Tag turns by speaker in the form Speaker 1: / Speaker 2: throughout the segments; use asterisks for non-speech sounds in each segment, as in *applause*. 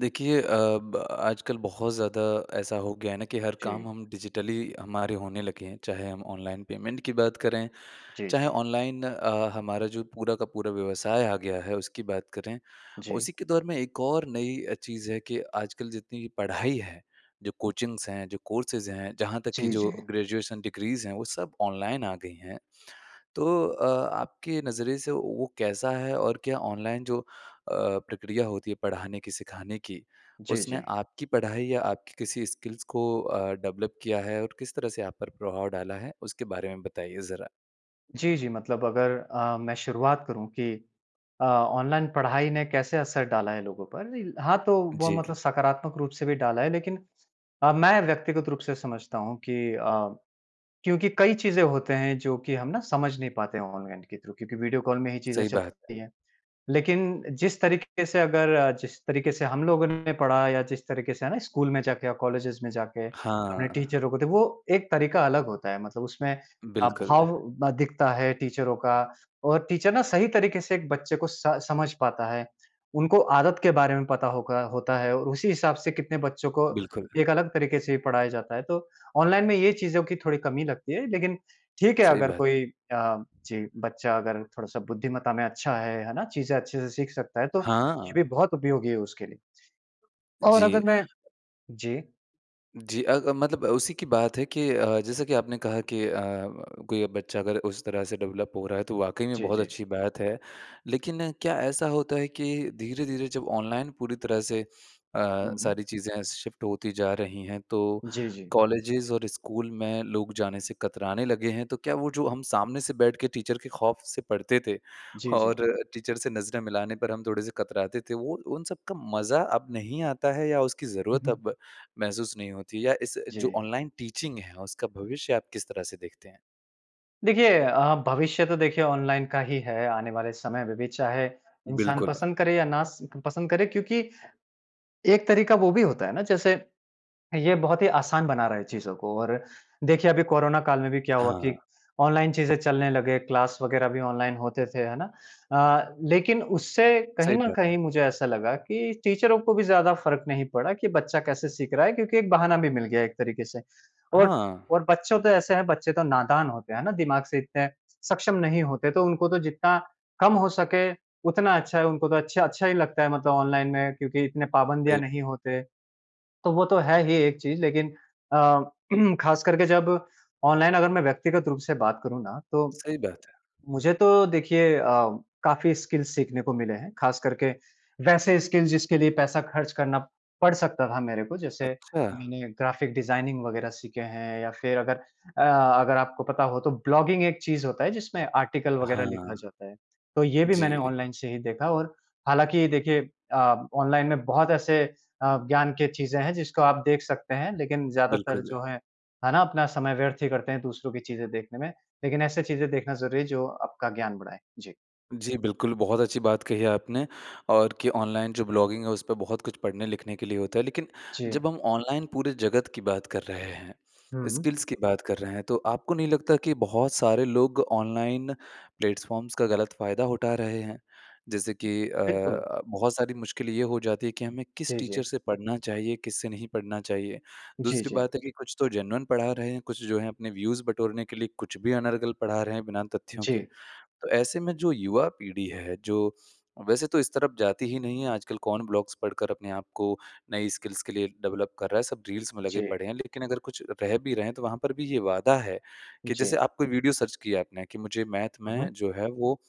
Speaker 1: देखिए अ, ब आजकल बहुत ज़्यादा ऐसा हो गया है ना कि हर काम
Speaker 2: जी।
Speaker 1: हम डिजिटली हमारे होने लगे हैं। चाहे हम ऑनलाइन पेमेंट की बात करें,
Speaker 2: जी,
Speaker 1: चाहे
Speaker 2: जी।
Speaker 1: ऑनलाइन अ, हमारा जो पूरा का पूरा व्यवसाय आ गया है उसकी बात करें।
Speaker 2: जी।
Speaker 1: उसी के दौर में एक और नई चीज़ है कि आजकल जितनी पढ़ाई है जो कोचिंग्स हैं जो कोर्सेज़ हैं जहाँ तक की
Speaker 2: जी,
Speaker 1: जो
Speaker 2: जी।
Speaker 1: ग्रेजुएशन डिग्रीज़ हैं वो सब ऑनलाइन आ गई हैं। तो अ, आपके नज़रिए से वो कैसा है? और क्या ऑनलाइन जो अ, प्रक्रिया होती है पढ़ाने की सिखाने की
Speaker 2: जी,
Speaker 1: उसने
Speaker 2: जी।
Speaker 1: आपकी पढ़ाई या आपकी किसी स्किल्स को अ, डेवलप किया है और किस तरह से आप पर प्रभाव डाला है? उसके बारे में बताइए ज़रा।
Speaker 2: जी, जी मतलब अगर अ, मैं शुरुआत करूँ कि अ, ऑनलाइन पढ़ाई ने कैसे असर डाला है लोगों पर? हाँ तो वो
Speaker 1: जी।
Speaker 2: मतलब सकारात्मक रूप से भी डाला है, लेकिन अ, मैं व्यक्तिगत रूप से समझता हूँ कि अ, क्योंकि कई चीज़ें होते हैं जो कि हम ना समझ नहीं पाते ऑनलाइन के थ्रू क्योंकि वीडियो कॉल में ही चीज़ें
Speaker 1: सही बात है।
Speaker 2: चलती हैं। लेकिन जिस तरीके से अगर जिस तरीके से हम लोगों ने पढ़ा या जिस तरीके से है ना स्कूल में जाके या कॉलेजेज़ में जाके अपने
Speaker 1: हाँ।
Speaker 2: टीचरों को तो वो एक तरीका अलग होता है मतलब उसमें अ,
Speaker 1: बिल्कुल।
Speaker 2: भाव दिखता है टीचरों का और टीचर ना सही तरीके से एक बच्चे को स समझ पाता है। उनको आदत के बारे में पता होगा होता है। और उसी हिसाब से कितने बच्चों को
Speaker 1: बिल्कुल।
Speaker 2: एक अलग तरीके से पढ़ाया जाता है। तो ऑनलाइन में ये चीज़ों की थोड़ी कमी लगती है। लेकिन ठीक है
Speaker 1: सही
Speaker 2: अगर
Speaker 1: बात है।
Speaker 2: कोई अ, जी बच्चा अगर थोड़ा-सा बुद्धिमत्ता में अच्छा है, है ना? चीज़ें अच्छे से सीख सकता है, तो ये
Speaker 1: हाँ।
Speaker 2: भी बहुत उपयोगी है उसके लिए। और अगर
Speaker 1: जी।
Speaker 2: मैं जी।
Speaker 1: जी अ अ, मतलब उसी की बात है कि अ, जैसा कि आपने कहा कि अ, कोई बच्चा अगर उस तरह से डेवलप हो रहा है, तो वाक़ई में
Speaker 2: जी,
Speaker 1: बहुत
Speaker 2: जी।
Speaker 1: अच्छी बात है। लेकिन क्या ऐसा होता है कि धीरे-धीरे जब ऑनलाइन पूरी तरह से अ,
Speaker 2: हुँ, हुँ।
Speaker 1: सारी चीज़ें शिफ्ट होती जा रही हैं तो,
Speaker 2: जी, जी।
Speaker 1: कॉलेजेज़ और स्कूल में लोग जाने से कतराने लगे हैं। तो क्या वो जो हम सामने से बैठ के टीचर के खौफ से पढ़ते थे
Speaker 2: जी, जी।
Speaker 1: और टीचर से नजरें मिलाने पर हम थोड़े से कतराते थे, वो उन सब का मज़ा अब नहीं आता है या उसकी
Speaker 2: हुँ,
Speaker 1: ज़रूरत
Speaker 2: हुँ।
Speaker 1: अब महसूस नहीं होती या इस जो
Speaker 2: जी।
Speaker 1: ऑनलाइन टीचिंग है, उसका भविष्य आप किस तरह से देखते हैं?
Speaker 2: देखिए अ, भविष्य तो देखिए ऑनलाइन का ही है आने वाले समय में भी चाहे, इंसान
Speaker 1: बिल्कुल।
Speaker 2: पसंद करे या ना स पसंद करे क्योंकि, एक तरीका वो भी होता है ना जैसे, ये बहुत ही आसान बना रहा है चीज़ों को और देखिए अभी कोरोना काल में भी क्या हुआ कि
Speaker 1: हाँ।
Speaker 2: ऑनलाइन चीज़ें चलने लगे, क्लास वग़ैरह भी ऑनलाइन होते थे, है ना? अ, लेकिन उससे कहीं
Speaker 1: सही
Speaker 2: न
Speaker 1: बात है।
Speaker 2: कहीं मुझे ऐसा लगा कि टीचरों को भी ज़्यादा फ़र्क नहीं पड़ा कि बच्चा कैसे सीख रहा है क्योंकि एक बहाना भी मिल गया एक तरीके से। और
Speaker 1: हाँ।
Speaker 2: और बच्चों तो ऐसे हैं, बच्चे तो नादान होते हैं ना दिमाग से इतने सक्षम नहीं होते तो उनको तो जितना कम हो सके उतना अच्छा है। उनको तो अच्छा अच्छा ही लगता है मतलब ऑनलाइन में क्योंकि इतने पाबंदियाँ
Speaker 1: सही
Speaker 2: नहीं होते। तो वो तो है ही एक चीज़ लेकिन अ, *clears throat* ख़ास करके जब ऑनलाइन अगर मैं व्यक्तिगत रूप से बात करूँ ना तो।
Speaker 1: सही बात है।
Speaker 2: मुझे तो देखिए अ, काफ़ी स्किल्स सीखने को मिले हैं। ख़ास करके वैसे स्किल जिसके लिए पैसा खर्च करना पड़ सकता था मेरे को जैसे,
Speaker 1: अच्छा।
Speaker 2: मैंने ग्राफ़िक डिज़ाइनिंग वग़ैरह सीखे हैं या फिर अगर अ, अगर आपको पता हो तो ब्लॉगिंग एक चीज़ होता है जिसमें आर्टिकल वग़ैरह लिखा
Speaker 1: हाँ।
Speaker 2: जाता है। तो ये भी मैंने
Speaker 1: जी।
Speaker 2: ऑनलाइन से ही देखा और हालाँकि देखिए अ, ऑनलाइन में बहुत ऐसे अ, ज्ञान के चीज़ें हैं, जिसको आप देख सकते हैं। लेकिन ज़्यादातर
Speaker 1: बिल्कुल।
Speaker 2: जो है, है ना, अपना समय व्यर्थ ही करते हैं दूसरों की चीज़ें देखने में। लेकिन ऐसे चीज़ें देखना ज़रूरी है जो आपका ज्ञान बढ़ाएँ। जी।
Speaker 1: जी बिल्कुल, बहुत अच्छी बात कही है आपने और कि ऑनलाइन जो ब्लॉगिंग है, उस पे बहुत कुछ पढ़ने-लिखने के लिए होता है। लेकिन
Speaker 2: जी।
Speaker 1: जब हम ऑनलाइन पूरे जगत की बात कर रहे हैं,
Speaker 2: हुँ।
Speaker 1: स्किल्स की बात कर रहे हैं, तो आपको नहीं लगता कि बहुत सारे लोग ऑनलाइन प्लेटफ़ॉर्म्स का गलत फ़ायदा उठा रहे हैं? जैसे कि
Speaker 2: बिल्कुल।
Speaker 1: अ, बहुत सारी मुश्किल ये हो जाती है कि हमें किस
Speaker 2: जी,
Speaker 1: टीचर
Speaker 2: जी।
Speaker 1: से पढ़ना चाहिए, किस से नहीं पढ़ना चाहिए।
Speaker 2: जी,
Speaker 1: दूसरी
Speaker 2: जी।
Speaker 1: बात है कि कुछ तो जेन्युइन पढ़ा रहे हैं, कुछ जो हैं अपने व्यूज़ बटोरने के लिए कुछ भी अनर्गल पढ़ा रहे हैं बिना तथ्यों के।
Speaker 2: जी।
Speaker 1: तो ऐसे में जो युवा पीढ़ी है, जो वैसे तो इस तरफ जाती ही नहीं है, आजकल कौन ब्लॉग्स पढ़कर अपने आपको नई स्किल्स के लिए डेवलप कर रहा है। सब रील्स में लगे
Speaker 2: जी।
Speaker 1: पड़े हैं। लेकिन अगर कुछ रह भी रहे हैं, तो वहाँ पर भी ये वादा है कि जैसे
Speaker 2: जी।
Speaker 1: आप कोई वीडियो सर्च की है आपने कि मुझे मैथ
Speaker 2: हुँ,
Speaker 1: में
Speaker 2: हुँ।
Speaker 1: जो है, वो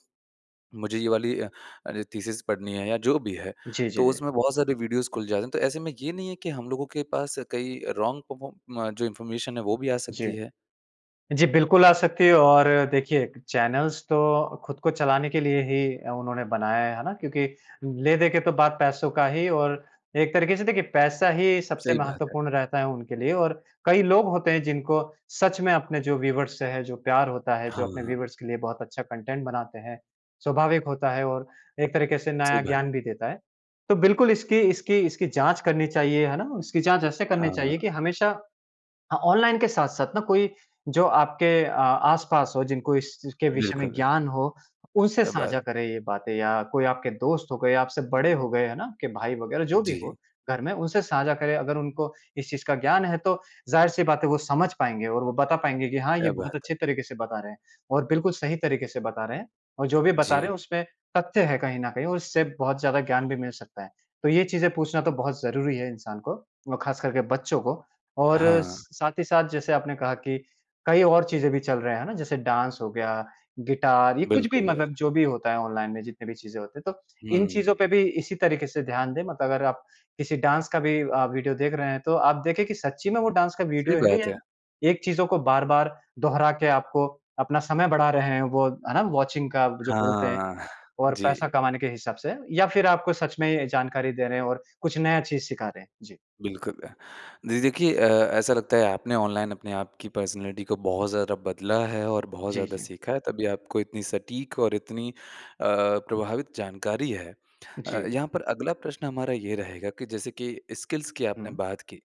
Speaker 1: मुझे ये वाली अ अ, थीसिस पढ़नी है या जो भी है,
Speaker 2: जी, जी,
Speaker 1: तो
Speaker 2: जी।
Speaker 1: उसमें बहुत सारे वीडियोज़ खुल जाते हैं। तो ऐसे में ये नहीं है कि हम लोगों के पास कई अ, रॉन्ग पर्फॉर्म जो इन्फॉर्मेशन है, वो भी आ
Speaker 2: जी।
Speaker 1: सकती है?
Speaker 2: जी, बिल्कुल आ सकती है और देखिए, चैनल्स तो खुद को चलाने के लिए ही उन्होंने बनाया है। है ना? क्योंकि ले-देके तो बात पैसों का ही और एक तरीक़े से देखिए पैसा ही सबसे
Speaker 1: सही बात है।
Speaker 2: महत्त्वपूर्ण रहता है उनके लिए और कई लोग होते हैं जिनको सच में अपने जो व्यूअर्स से है, जो प्यार होता है, जो अपने
Speaker 1: हाँ।
Speaker 2: व्यूअर्स के लिए बहुत अच्छा कंटेंट बनाते हैं। स्वाभाविक होता है और एक तरीक़े से
Speaker 1: सही
Speaker 2: नया
Speaker 1: बात।
Speaker 2: ज्ञान भी देता है। तो बिल्कुल इसकी इसकी इसकी जाँच करनी चाहिए। है ना? इसकी जाँच ऐसे करनी चाहिए
Speaker 1: हाँ।
Speaker 2: कि हमेशा हाँ, ऑनलाइन के साथ-साथ ना कोई जो आपके अ, आस-पास हो, जिनको इस चीज़ के विषय में
Speaker 1: बिल्कुल।
Speaker 2: ज्ञान हो, उनसे
Speaker 1: क्या बात!
Speaker 2: साझा करें ये बातें या कोई आपके दोस्त हो गए, आपसे बड़े हो गए, है ना? आप के भाई वगैरह जो भी हो
Speaker 1: जी।
Speaker 2: घर में, उनसे साझा करें। अगर उनको इस चीज़ का ज्ञान है, तो ज़ाहिर-सी बात है वो समझ पाएँगे और वो बता पाएँगे कि, "हाँ, ये
Speaker 1: क्या
Speaker 2: बहुत
Speaker 1: बात है।
Speaker 2: अच्छे तरीक़े से बता रहे हैं और बिल्कुल सही तरीक़े से बता रहे हैं और जो भी बता रहे
Speaker 1: जी।
Speaker 2: हैं, उसमें तथ्य है कहीं न कहीं और उससे बहुत ज़्यादा ज्ञान भी मिल सकता है।" तो ये चीज़ें पूछना तो बहुत ज़रूरी है इंसान को और खास करके बच्चों को। और
Speaker 1: हाँ।
Speaker 2: स साथ ही साथ जैसे आपने कहा कि कई और चीज़ें भी चल रहे हैं। है ना? जैसे डांस हो गया, गिटार, ये कुछ भी
Speaker 1: बिल्कुल।
Speaker 2: मतलब जो भी होता है ऑनलाइन में, जितने भी चीज़ें होती हैं। तो इन
Speaker 1: हुँ।
Speaker 2: चीज़ों पे भी इसी तरीक़े से ध्यान दें। मतलब अगर आप किसी डांस का भी अ, वीडियो देख रहे हैं, तो आप देखें कि सच्ची में वो डांस का
Speaker 1: सही
Speaker 2: वीडियो है
Speaker 1: बात
Speaker 2: या
Speaker 1: है।
Speaker 2: एक चीज़ों को बार-बार दोहरा के आपको अपना समय बढ़ा रहे हैं वो, है ना? वॉचिंग का जो बोलते हैं
Speaker 1: हाँ
Speaker 2: और
Speaker 1: जी।
Speaker 2: पैसा कमाने के हिसाब से या फिर आपको सच में जानकारी दे रहे हैं और कुछ नया चीज़ सिखा रहे हैं। जी।
Speaker 1: बिल्कुल। जी देखिए अ, ऐसा लगता है, आपने ऑनलाइन अपने आपकी पर्सनैलिटी को बहुत ज़्यादा बदला है और बहुत
Speaker 2: जी,
Speaker 1: ज़्यादा
Speaker 2: जी।
Speaker 1: सीखा है, तभी आपको इतनी सटीक और इतनी अ, प्रभावित जानकारी है। अ,
Speaker 2: जी।
Speaker 1: यहाँ पर अगला प्रश्न हमारा ये रहेगा कि जैसे कि स्किल्स की आपने
Speaker 2: हुँ।
Speaker 1: बात की,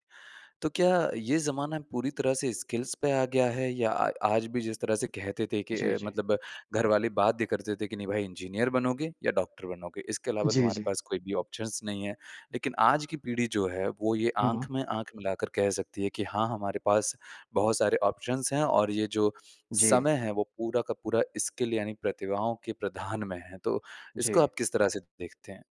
Speaker 1: तो क्या ये ज़माना पूरी तरह से स्किल्स पे आ गया है? या आ आज भी जिस तरह से कहते थे कि
Speaker 2: जी,
Speaker 1: अ,
Speaker 2: जी।
Speaker 1: मतलब घर वाले बात भी करते थे कि, "नहीं, भई इंजीनियर बनोगे या डॉक्टर बनोगे। इसके अलावा
Speaker 2: जी,
Speaker 1: तुम्हारे
Speaker 2: जी।
Speaker 1: पास कोई भी ऑप्शंस नहीं है।" लेकिन आज की पीढ़ी जो है, वो ये
Speaker 2: हुँ।
Speaker 1: आँख में आँख मिलाकर कह सकती है कि, "हाँ, हमारे पास बहुत सारे ऑप्शंस हैं और ये जो
Speaker 2: जी।
Speaker 1: समय है, वो पूरा का पूरा स्किल यानी प्रतिभाओं के प्रधान में है।" तो इसको
Speaker 2: जी।
Speaker 1: आप किस तरह से देखते हैं?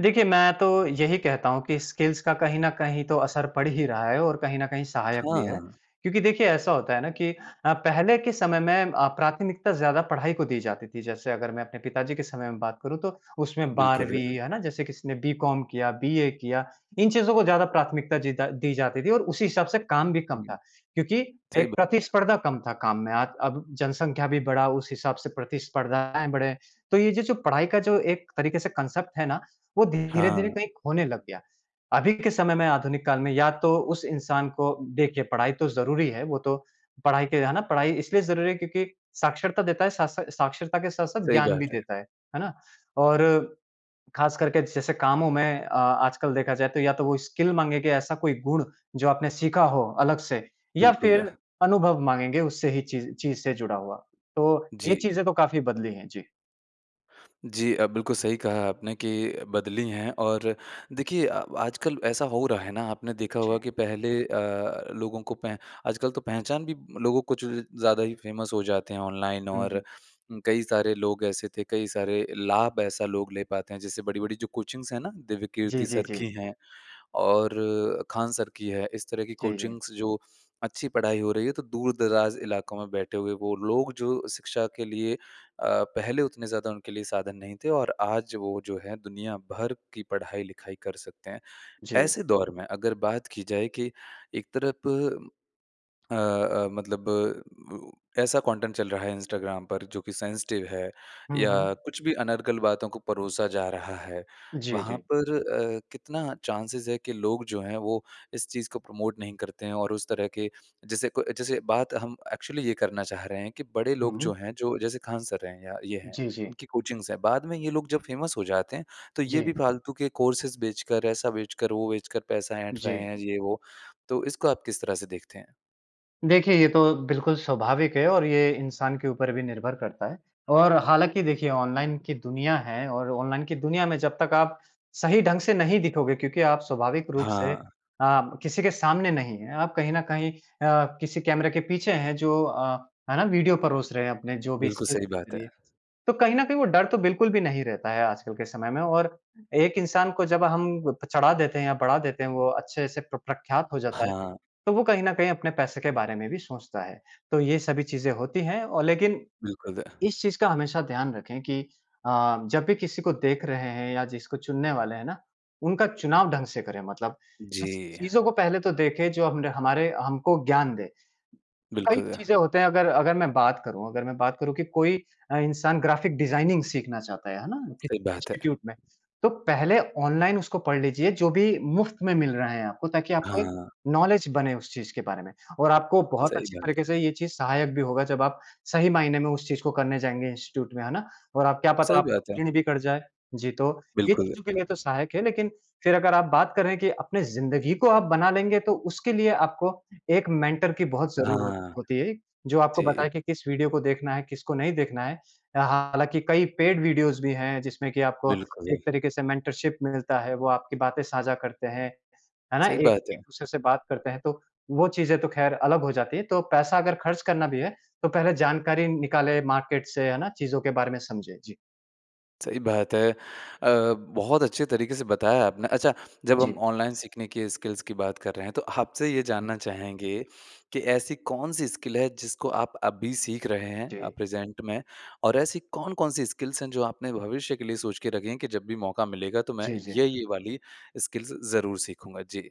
Speaker 2: देखिए मैं तो यही कहता हूँ कि स्किल्स का कहीं न कहीं तो असर पड़ ही रहा है, और कहीं न कहीं सहायक
Speaker 1: हाँ,
Speaker 2: भी है।
Speaker 1: हाँ।
Speaker 2: क्योंकि देखिए ऐसा होता है ना कि अ, पहले के समय में अ, प्राथमिकता ज़्यादा पढ़ाई को दी जाती थी। जैसे अगर मैं अपने पिताजी के समय में बात करूँ तो उसमें
Speaker 1: बिल्कुल।
Speaker 2: 12वीं है ना? जैसे किसी ने बीकॉम किया बीए किया। इन चीज़ों को ज़्यादा प्राथमिकता जीदा दी जाती थी और उसी हिसाब से काम भी कम
Speaker 1: हुँ।
Speaker 2: था। क्योंकि
Speaker 1: सही
Speaker 2: एक
Speaker 1: बात है।
Speaker 2: प्रतिस्पर्धा कम था काम में। आज अब जनसंख्या भी बढ़ा, उस हिसाब से प्रतिस्पर्धाएँ बढ़े। तो ये जे जो पढ़ाई का जो एक तरीके से कांसेप्ट है ना, वो धीरे-धीरे
Speaker 1: हाँ।
Speaker 2: कहीं खोने लग गया। अभी के समय में आधुनिक काल में या तो उस इंसान को देखिए पढ़ाई तो ज़रूरी है वो तो, पढ़ाई के है ना? पढ़ाई इसलिए ज़रूरी है क्योंकि साक्षरता देता है, साथ सा साक्षरता के साथ-साथ
Speaker 1: सही
Speaker 2: ज्ञान भी
Speaker 1: बात है।
Speaker 2: देता है। है ना? और खास करके जैसे कामों में अ, आजकल देखा जाए तो या तो वो स्किल माँगेंगे ऐसा कोई गुण जो आपने सीखा हो अलग से, या
Speaker 1: बिल्कुल।
Speaker 2: फिर अनुभव माँगेंगे उससे ही चीज़ चीज़ से जुड़ा हुआ। तो ये
Speaker 1: जी।
Speaker 2: चीज़ें तो काफ़ी बदली हैं। जी।
Speaker 1: जी अ, बिल्कुल सही कहा है आपने के बदली हैं और देखिए अ, आजकल ऐसा हो रहा है ना आपने देखा
Speaker 2: जी।
Speaker 1: होगा कि पहले अ, लोगों को पैं आजकल तो पहचान भी लोगों को जो ज़्यादा ही फ़ेमस हो जाते हैं ऑनलाइन
Speaker 2: हुँ, हुँ।
Speaker 1: और कई सारे लोग ऐसे थे, कई सारे लाभ ऐसा लोग ले पाते हैं। जैसे बड़ी-बड़ी जो कोचिंग्स है ना?
Speaker 2: जी,
Speaker 1: दिव्यकीर्ति
Speaker 2: जी,
Speaker 1: सर की
Speaker 2: जी।
Speaker 1: हैं और खान सर की है। इस तरह की
Speaker 2: जी, जी।
Speaker 1: कोचिंग्स जो अच्छी पढ़ाई हो रही है, तो दूर-दराज़ इलाकों में बैठे हुए वो लोग जो शिक्षा के लिए अ, पहले उतने ज़्यादा उनके लिए साधन नहीं थे और आज वो जो है, दुनिया भर की पढ़ाई-लिखाई कर सकते हैं।
Speaker 2: जी।
Speaker 1: ऐसे दौर में, अगर बात की जाए कि एक तरफ अ, अ, मतलब ऐसा कंटेंट चल रहा है इंस्टाग्राम पर जो कि सेंसिटिव है
Speaker 2: हुँ,
Speaker 1: या
Speaker 2: हुँ।
Speaker 1: कुछ भी अनर्गल बातों को परोसा जा रहा है।
Speaker 2: जी,
Speaker 1: वहाँ
Speaker 2: जी।
Speaker 1: पर अ, कितना चान्सेज़ है कि लोग जो हैं वो इस चीज़ को प्रमोट नहीं करते हैं और उस तरह के जैसे कोई जैसे बात हम एक्चुअली ये करना चाह रहे हैं कि बड़े
Speaker 2: हुँ,
Speaker 1: लोग जो
Speaker 2: हुँ।
Speaker 1: हैं जो जैसे खान सर हैं या ये हैं,
Speaker 2: जी, जी।
Speaker 1: इनकी कोचिंग्स हैं बाद में ये लोग जब फ़ेमस हो जाते हैं, तो ये भी
Speaker 2: जी।
Speaker 1: फ़ालतू के कोर्सेस बेच कर, ऐसा बेच कर, वो बेच कर पैसा ऐंठ रहे
Speaker 2: जी।
Speaker 1: हैं, ये वो, तो इसको आप किस तरह से देखते हैं?
Speaker 2: देखिए ये तो बिल्कुल स्वाभाविक है और ये इंसान के ऊपर भी निर्भर करता है। और हालाँकि देखिए ऑनलाइन की दुनिया है और ऑनलाइन की दुनिया में जब तक आप सही ढंग से नहीं दिखोगे क्योंकि आप स्वाभाविक रूप से
Speaker 1: हाँ।
Speaker 2: आप किसी के सामने नहीं हैं आप कहीं न कहीं अ, किसी कैमरे के पीछे हैं जो अ, है ना वीडियो परोस रहे हैं अपने जो भी
Speaker 1: बिल्कुल
Speaker 2: स्क्रिप्ट
Speaker 1: सही
Speaker 2: के
Speaker 1: बात है।
Speaker 2: लिए। तो कहीं न कहीं वो डर तो बिल्कुल भी नहीं रहता है आजकल के समय में और एक इंसान को जब हम चढ़ा देते हैं या बढ़ा देते हैं वो अच्छे से प्र प्रख्यात हो जाता है
Speaker 1: हाँ।
Speaker 2: तो वो कहीं न कहीं अपने पैसे के बारे में भी सोचता है। तो ये सभी चीज़ें होती हैं अ, लेकिन
Speaker 1: बिल्कुल।
Speaker 2: इस चीज़ का हमेशा ध्यान रखें कि अ, जब भी किसी को देख रहे हैं या जिसको चुनने वाले हैं ना, उनका चुनाव ढंग से करें मतलब
Speaker 1: जी।
Speaker 2: ऐसी चीज़ों को पहले तो देखें जो हम हमारे हमको ज्ञान दें। कई
Speaker 1: बिल्कुल।
Speaker 2: चीजें होती हैं अगर अगर मैं बात करूँ अगर मैं बात करूँ कि कोई अ, इंसान ग्राफिक डिजाइनिंग सीखना चाहता है, है ना? कि
Speaker 1: सही बात है।
Speaker 2: इंस्टीट्यूट में, तो पहले ऑनलाइन उसको पढ़ लीजिए जो भी मुफ्त में मिल रहा है आपको ताकि आपको एक
Speaker 1: हाँ।
Speaker 2: नॉलेज बने उस चीज़ के बारे में। और आपको बहुत
Speaker 1: सही
Speaker 2: अच्छी
Speaker 1: बात
Speaker 2: तरीके
Speaker 1: है।
Speaker 2: से ये चीज़ सहायक भी होगा जब आप सही मायने में उस चीज़ को करने जाएँगे इंस्टीट्यूट में, है ना? और आप क्या पता
Speaker 1: सही
Speaker 2: आप
Speaker 1: बात है।
Speaker 2: क्लीन भी कर जाएँ। जी तो ये
Speaker 1: बिल्कुल।
Speaker 2: चीज़ों के लिए तो सहायक है लेकिन फ़िर अगर आप बात करें कि अपने ज़िंदगी को आप बना लेंगे तो उसके लिए आपको एक मेंटर की बहुत ज़रूरत
Speaker 1: हाँ।
Speaker 2: होती है जो आपको
Speaker 1: जी।
Speaker 2: बताए कि किस वीडियो को देखना है, किसको नहीं देखना है। अ, हालाँकि कई पेड वीडियोज़ भी हैं जिसमें कि आपको
Speaker 1: बिल्कुल।
Speaker 2: एक तरीके से मेंटरशिप मिलता है वो आपकी बातें साझा करते हैं, है ना?
Speaker 1: सही बात है।
Speaker 2: एक-दूसरे से बात करते हैं। तो वो चीज़ें तो खैर अलग हो जाती हैं। तो पैसा अगर खर्च करना भी है तो पहले जानकारी निकालें मार्केट से है ना चीज़ों के बारे में समझें। जी।
Speaker 1: सही बात है। अ, बहुत अच्छे तरीके से बताया आपने। अच्छा जब हम
Speaker 2: जी।
Speaker 1: ऑनलाइन सीखने की स्किल्स की बात कर रहे हैं, तो आपसे ये
Speaker 2: हुँ।
Speaker 1: जानना चाहेंगे, कि ऐसी कौन-सी स्किल है जिसको आप अभी सीख रहे हैं अ,
Speaker 2: जी।
Speaker 1: प्रेज़ेंट में? और ऐसी कौन-कौन सी स्किल्स हैं, जो आपने भविष्य के लिए सोच के रखी हैं कि जब भी मौका मिलेगा तो मैं
Speaker 2: जी, जी।
Speaker 1: ये-ये वाली स्किल्स ज़रूर सीखूँगा? जी।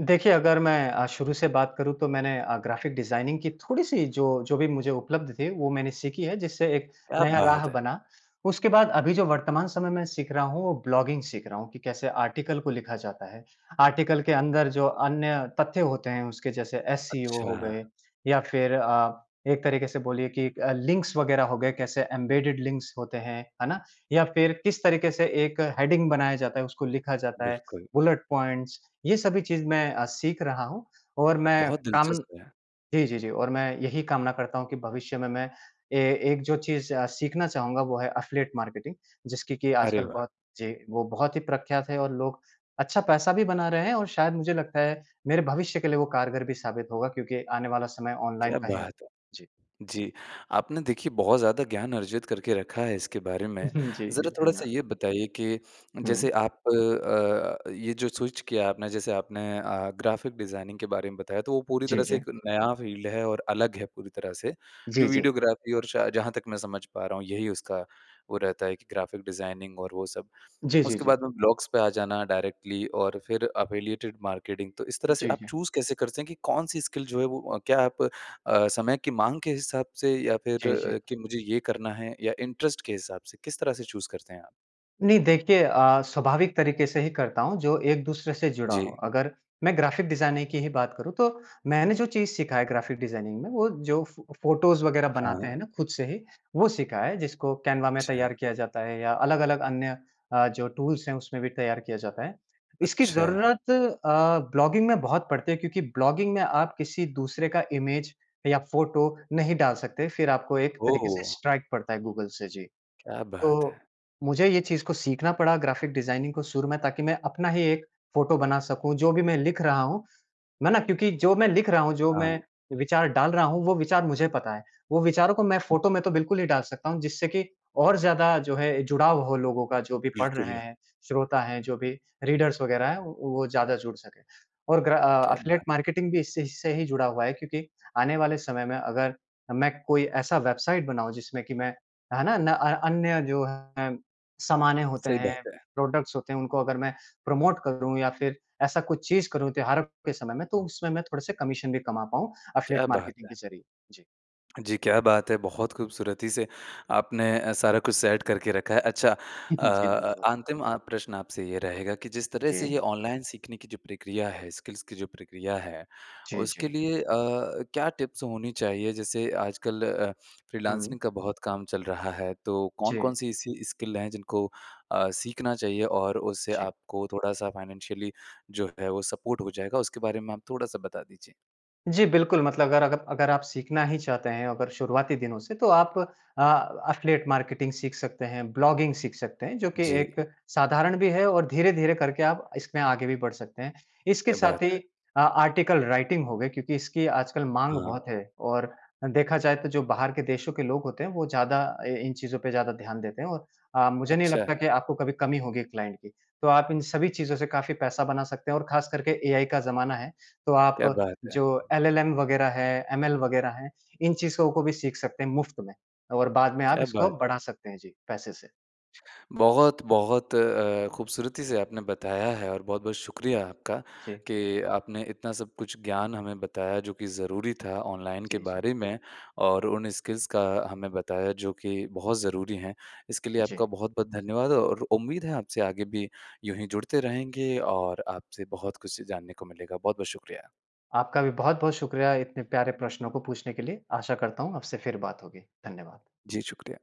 Speaker 2: देखिए अगर मैं अ, शुरू से बात करूँ तो मैंने अ, ग़्राफ़िक डिज़ाइनिंग की थोड़ी-सी जो, जो भी मुझे उपलब्ध थे वो मैंने सीखी है जिससे एक
Speaker 1: क्या
Speaker 2: नया राह
Speaker 1: बात है!
Speaker 2: बना। उसके बाद अभी जो वर्तमान समय मैं सीख रहा हूँ, वो ब्लॉगिंग सीख रहा हूँ कि कैसे आर्टिकल को लिखा जाता है। आर्टिकल के अंदर जो अन्य तथ्य होते हैं, उसके जैसे एससीओ हो
Speaker 1: अच्छा।
Speaker 2: गए, या फिर अ, एक तरीके से बोलिए कि लिंक्स वगैरह हो गए, कैसे एम्बेडेड लिंक्स होते हैं, है ना? या फिर किस तरीके से एक हेडिंग बनाया जाता है, उसको लिखा जाता है
Speaker 1: बिल्कुल।
Speaker 2: बुलेट पॉइंट्स, ये सभी चीज़ मैं अ, सीख रहा हूँ। और मैं
Speaker 1: बहुत
Speaker 2: कामन
Speaker 1: दिलचस्प है।
Speaker 2: जी, जी, जी और मैं यही कामना करता हूँ कि भविष्य में मैं ए एक जो चीज़ अ, सीखना चाहूँगा, वो है अफ़िलिएट मार्केटिंग, जिसकी कि
Speaker 1: अरे
Speaker 2: आजकल
Speaker 1: वाह!
Speaker 2: बहुत जी, वो बहुत ही प्रख्यात है और लोग अच्छा पैसा भी बना रहे हैं और शायद मुझे लगता है मेरे भविष्य के लिए वो कारगर भी साबित होगा, क्योंकि आने वाला समय ऑनलाइन
Speaker 1: क्या
Speaker 2: का है।
Speaker 1: बात है!
Speaker 2: जी।
Speaker 1: जी। आपने देखिए बहुत ज़्यादा ज्ञान अर्जित करके रखा है इसके बारे में।
Speaker 2: *chuckles* जी, जी,
Speaker 1: ज़रा थोड़ा-सा
Speaker 2: धन्यवाद।
Speaker 1: ये बताइए कि जैसे
Speaker 2: हुँ।
Speaker 1: आप अ, ये जो स्विच किया आपने जैसे आपने अ, ग्राफिक डिज़ाइनिंग के बारे में बताया, तो वो पूरी
Speaker 2: जी,
Speaker 1: तरह से
Speaker 2: जी।
Speaker 1: एक नया फ़ील्ड है और अलग है पूरी तरह से। जो
Speaker 2: जी, जी।
Speaker 1: वीडियोग्राफी और शायद जहाँ तक मैं समझ पा रहा हूँ, यही उसका वो रहता है कि ग्राफिक डिज़ाइनिंग और वो सब।
Speaker 2: जी, जी,
Speaker 1: उसके
Speaker 2: जी।
Speaker 1: बाद में ब्लॉग्स पे आ जाना डायरेक्टली और फिर अफ़िलिएटेड मार्केटिंग। तो इस तरह से
Speaker 2: जी,
Speaker 1: आप
Speaker 2: जी।
Speaker 1: चूज़ कैसे करते हैं कि कौन-सी स्किल जो है वो क्या आप अ, समय की माँग के हिसाब से या फिर
Speaker 2: जी, जी।
Speaker 1: कि मुझे ये करना है या इंटरेस्ट के हिसाब से, किस तरह से चूज़ करते हैं आप?
Speaker 2: नहीं देखिए अ, स्वाभाविक तरीके से ही करता हूँ जो एक दूसरे से जुड़ा हो।
Speaker 1: जी।
Speaker 2: अगर मैं ग्राफ़िक डिज़ाइनिंग की ही बात करूँ तो मैंने जो चीज़ सीखा है ग्राफ़िक डिज़ाइनिंग में वो जो फ़ फ़ोटोज़ वग़ैरह
Speaker 1: हाँ।
Speaker 2: बनाते हैं ना ख़ुद से ही वो सीखा है जिसको कैनवा में
Speaker 1: अच्छा।
Speaker 2: तैयार किया जाता है या अलग-अलग अन्य अ, जो टूल्स हैं उसमें भी तैयार किया जाता है। इसकी
Speaker 1: अच्छा।
Speaker 2: ज़रूरत अ, ब्लॉगिंग में बहुत पड़ती है क्योंकि ब्लॉगिंग में आप किसी दूसरे का इमेज या फ़ोटो नहीं डाल सकते फ़िर आपको एक तरीके से
Speaker 1: ओह!
Speaker 2: स्ट्राइक पड़ता है गूगल से। जी।
Speaker 1: क्या बात
Speaker 2: तो
Speaker 1: है!
Speaker 2: मुझे ये चीज़ को सीखना पड़ा ग्राफ़िक डिज़ाइनिंग को शुरू में ताकि मैं अपना ही एक फ़ोटो बना सकूँ जो भी मैं लिख रहा हूँ मैं ना क्योंकि जो मैं लिख रहा हूँ, जो मैं
Speaker 1: हाँ।
Speaker 2: विचार डाल रहा हूँ, वो विचार मुझे पता है। वो विचारों को मैं फ़ोटो में तो बिल्कुल ही डाल सकता हूँ जिससे कि और ज़्यादा जो है जुड़ाव हो लोगों का जो भी पढ़ रहे
Speaker 1: बिल्कुल।
Speaker 2: हैं श्रोता हैं, जो भी रीडर्स वग़ैरह हैं वो ज़्यादा जुड़ सकें। और ग्रा अ,
Speaker 1: क्या
Speaker 2: एफ़िलिएट
Speaker 1: बात!
Speaker 2: मार्केटिंग भी इससे इससे से ही जुड़ा हुआ है क्योंकि आने वाले समय में अगर मैं कोई ऐसा वेबसाइट बनाऊँ जिसमें कि मैं है ना? न अ, अन्य जो है सामानें होते
Speaker 1: सही
Speaker 2: हैं,
Speaker 1: बात है।
Speaker 2: प्रोडक्ट्स होते हैं उनको अगर मैं प्रमोट करूँ या फ़िर ऐसा कुछ चीज़ करूँ त्योहारों के समय में तो उसमें मैं थोड़े-से कमीशन भी कमा पाऊँ एफ़िलिएट
Speaker 1: क्या बात
Speaker 2: मार्केटिंग
Speaker 1: है!
Speaker 2: के ज़रिए। जी।
Speaker 1: जी, क्या बात है, बहुत खूबसूरती से आपने अ, सारा कुछ सेट करके रखा है। अच्छा, अ,
Speaker 2: *chuckles* जी
Speaker 1: अ,
Speaker 2: धन्यवाद।
Speaker 1: अंतिम अ, प्रश्न आपसे ये रहेगा कि जिस तरह से
Speaker 2: जी।
Speaker 1: ये ऑनलाइन सीखने की जो प्रक्रिया है, स्किल्स की जो प्रक्रिया है।
Speaker 2: जी,
Speaker 1: उसके
Speaker 2: जी।
Speaker 1: लिए अ, क्या टिप्स होनी चाहिए? जैसे आजकल अ, फ़्रीलांसिंग
Speaker 2: हुँ।
Speaker 1: का बहुत काम चल रहा है, तो
Speaker 2: जी।
Speaker 1: कौन-कौन-सी ऐसी स्किल है, जिनको अ, सीखना चाहिए और उससे
Speaker 2: जी।
Speaker 1: आपको थोड़ा-सा फ़ाइनेंशियली जो है वो सपोर्ट हो जाएगा। उसके बारे में आप थोड़ा-सा बता दीजिए।
Speaker 2: जी बिल्कुल, मतलब अगर अगर अगर आप सीखना ही चाहते हैं, अगर शुरुआती दिनों से, तो आप अ, एफ़िलिएट मार्केटिंग सीख सकते हैं, ब्लॉगिंग सीख सकते हैं। जो कि एक
Speaker 1: जी।
Speaker 2: साधारण भी है और धीरे-धीरे करके आप इसमें आगे भी बढ़ सकते हैं। इसके
Speaker 1: क्या बात
Speaker 2: साथ
Speaker 1: है।
Speaker 2: ही आ आर्टिकल राइटिंग हो गई, क्योंकि इसकी आजकल माँग
Speaker 1: हाँ।
Speaker 2: बहुत है और देखा जाए तो जो बाहर के देशों के लोग होते हैं, वो ज़्यादा ए इन चीज़ों पे ज़्यादा ध्यान देते हैं और अ, मुझे नहीं
Speaker 1: अच्छा।
Speaker 2: लगता कि आपको कभी कमी होगी क्लाइंट की। तो आप इन सभी चीज़ों से काफ़ी पैसा बना सकते हैं और खास करके एआई का ज़माना है। तो
Speaker 1: क्या
Speaker 2: आप
Speaker 1: बात है।
Speaker 2: जो एलएलएम वग़ैरह है, एमएल वग़ैरह हैं। इन चीज को को भी सीख सकते हैं मुफ़्त में और बाद में आप
Speaker 1: क्या
Speaker 2: इसको
Speaker 1: बात है।
Speaker 2: बढ़ा सकते हैं जी पैसे से।
Speaker 1: बहुत-बहुत अ, अ, खूबसूरती से आपने बताया है और बहुत-बहुत शुक्रिया आपका
Speaker 2: जी।
Speaker 1: कि आपने इतना सब कुछ ज्ञान हमें बताया जो कि ज़रूरी था ऑनलाइन के
Speaker 2: जी, जी।
Speaker 1: बारे में, और उन स्किल्स का हमें बताया, जो कि बहुत ज़रूरी हैं। इसके लिए आपका
Speaker 2: जी।
Speaker 1: बहुत-बहुत धन्यवाद और उम्मीद है आपसे आगे भी यूँ ही जुड़ते रहेंगे और आपसे बहुत कुछ जानने को मिलेगा। बहुत-बहुत शुक्रिया।
Speaker 2: आपका भी बहुत-बहुत शुक्रिया इतने प्यारे प्रश्नों को पूछने के लिए। आशा करता हूँ आपसे फिर बात होगी। धन्यवाद।
Speaker 1: जी शुक्रिया।